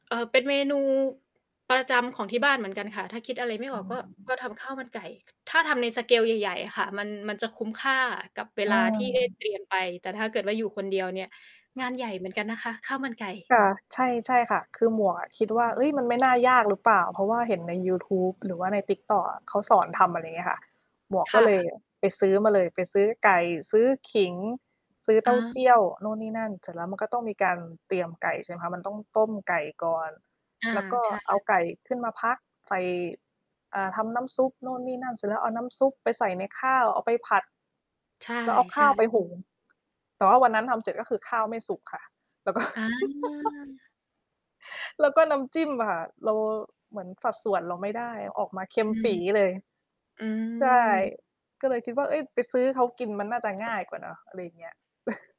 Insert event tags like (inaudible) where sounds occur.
เอ่อ เป็นเมนู ประจำของที่บ้านเหมือนกันค่ะ ถ้าคิดอะไรไม่ออืออก ฮก็ กึ ็ทำข้าวมันไก่ ถ้าทำใน สเกล ใหญ่ ๆ ค่ะ มัน มันจะคุ้มค่ากับเวเลาที่ได้ เตออ รียม ไป แต่ถ้าเกิดว่าอยู่คนเดียวเนี่ย งานใหญ่เหมือนกันนะคะ ข้าวมันไก่ ค่ะ ใช่ ใช่ค่ะ คือหมวกอะคิดวอ่า เฮืม ้ย! มัน ไม่น่ายากหรือเปล่า เพราะว่าเห็นในยูทูบ หรือว่าใน TikTok อะ เขาสอนอืทม ำ อะไรเงี้ยค่ะ หมวกคก่็เละ ย ไปซื้อมาเลย ไปซื้อไก่ ซื้อขิง ซื้อเตอ้าา เจี้ยวนู่นนี่นั่น เสร็จแล้วมันก็ต้องมีการเตรียมไก่ ใช่ไหมคะ มันต้องต้มไก่ก่อน อา แล้วก็ใช่ เอาไก่ขึ้นมาพัก ใส่ อ่า ทำน้ำซุปโน่นนี่นั่น เสร็จแล้วเอาน้ำซุปไปใส่ในข้าว เอาไปผัด ใชแล้วเอาข้า่ วไๆ ปหุง แต่ว่าวันนั้นทำเสร็จ ก็คือข้าวไม่สุกค่ะ แล้ว ก็ อา (chuckles) แล้วก็น้ำจิ้มอะค่ะ เรา เหมือนสัดส่วนเราไม่ได้ ออกมาเค็อมืปม ี๋เลย อืใช่ ม ก็เลยคิดว่า เฮ้ย! ไปซื้อเขากิน มันน่าจะง่าย กว่าเนาะ อะไรเงี้ย (chuckles)